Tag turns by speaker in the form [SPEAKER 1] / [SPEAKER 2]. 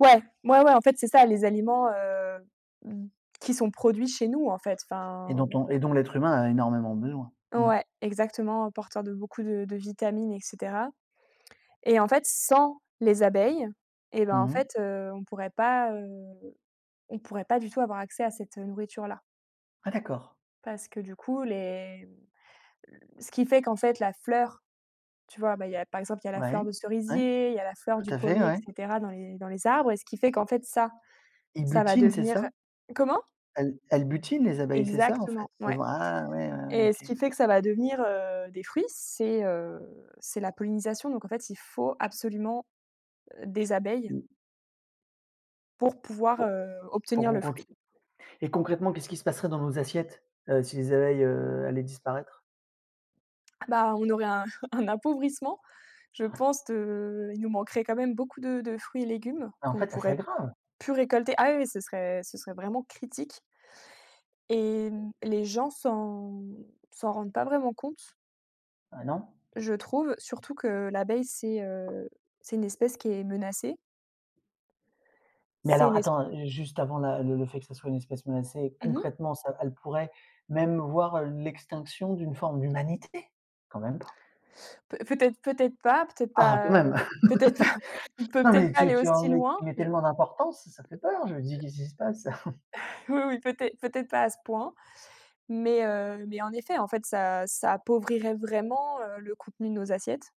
[SPEAKER 1] Ouais, ouais, ouais, en fait, c'est ça les aliments, heu, mmh, qui sont produits chez nous, en fait,
[SPEAKER 2] Et
[SPEAKER 1] enfin
[SPEAKER 2] dont on et dont l'être humain a énormément besoin, mmh.
[SPEAKER 1] Ouais, exactement, hein, porteur de beaucoup de de vitamines et cetera et en fait, sans les abeilles et bah, en
[SPEAKER 2] Mmh mh.
[SPEAKER 1] fait, heu, on pourrait pas, heu, on pourrait pas du tout avoir accès à cette, heu, nourriture-là
[SPEAKER 2] Ah d'accord.
[SPEAKER 1] parce que du coup les le ce qui fait qu'en fait la fleur, tu vois, bah, il y a, par exemple, il y a la
[SPEAKER 2] Ouais,
[SPEAKER 1] fleur de
[SPEAKER 2] ouais,
[SPEAKER 1] cerisier, il y a la fleur
[SPEAKER 2] tout
[SPEAKER 1] du
[SPEAKER 2] à fait,
[SPEAKER 1] pommier et
[SPEAKER 2] ouais.
[SPEAKER 1] cetera dans les dans les arbres et ce qui fait qu'en fait ça
[SPEAKER 2] Ils
[SPEAKER 1] ça va
[SPEAKER 2] butinent, c'est
[SPEAKER 1] devenir
[SPEAKER 2] ça?
[SPEAKER 1] comment?
[SPEAKER 2] Elles elles butinent, les abeilles, c'est ça, en
[SPEAKER 1] Exactement,
[SPEAKER 2] fait? Elle
[SPEAKER 1] ouais
[SPEAKER 2] voient ah ouais, ouais,
[SPEAKER 1] et ce
[SPEAKER 2] OK.
[SPEAKER 1] qu'il fait que ça va devenir, heu, des fruits, c'est, heu, c'est la pollinisation donc, en fait, il faut absolument, heu, des abeilles
[SPEAKER 2] Mmh.
[SPEAKER 1] pour pouvoir,
[SPEAKER 2] Pour
[SPEAKER 1] heu,
[SPEAKER 2] pour
[SPEAKER 1] obtenir le
[SPEAKER 2] qu'on
[SPEAKER 1] fruit.
[SPEAKER 2] continue et concrètement, qu'est-ce qui se passerait dans nos assiettes, heu, si les abeilles, heu, allaient disparaître?
[SPEAKER 1] Bah, on aurait un un appauvrissement, je pense de il nous manquerait quand même beaucoup de de fruits et légumes
[SPEAKER 2] Beh, en
[SPEAKER 1] qu'on ne
[SPEAKER 2] fait, ça serait
[SPEAKER 1] pourrait
[SPEAKER 2] grave!
[SPEAKER 1] plus récolter ah oui, oui, ce serait ce serait ce serait vraiment critique et hem, les gens s'en s'en rendent pas vraiment compte
[SPEAKER 2] Eh, non!
[SPEAKER 1] je trouve, surtout que l'abeille c'est, heu, c'est une espèce qui est menacée
[SPEAKER 2] Mais
[SPEAKER 1] c'est
[SPEAKER 2] alors,
[SPEAKER 1] une es
[SPEAKER 2] attends, heu, juste avant la le le fait que ce soit une espèce menacée,
[SPEAKER 1] Mmh mh.
[SPEAKER 2] concrètement, ça elles pourraient même voir l'extinction d'une forme d'humanité! Quand même pas?
[SPEAKER 1] Peu peut-être, peut-être pas, peut-être
[SPEAKER 2] Ah, quand
[SPEAKER 1] pas,
[SPEAKER 2] même!
[SPEAKER 1] peut-être pas, on peut
[SPEAKER 2] Non
[SPEAKER 1] peut-être
[SPEAKER 2] mais
[SPEAKER 1] pas
[SPEAKER 2] tu
[SPEAKER 1] aller
[SPEAKER 2] tu en
[SPEAKER 1] aussi
[SPEAKER 2] mets tu
[SPEAKER 1] loin,
[SPEAKER 2] mets
[SPEAKER 1] je
[SPEAKER 2] tellement d'importance, ça fait peur. Je me dis qu'est ce qui se passe?
[SPEAKER 1] Oui, oui, peut-ê peut-être pas à ce point mais heu, mais en effet, en fait, ça ça appauvrirait vraiment, heu, le contenu de nos assiettes.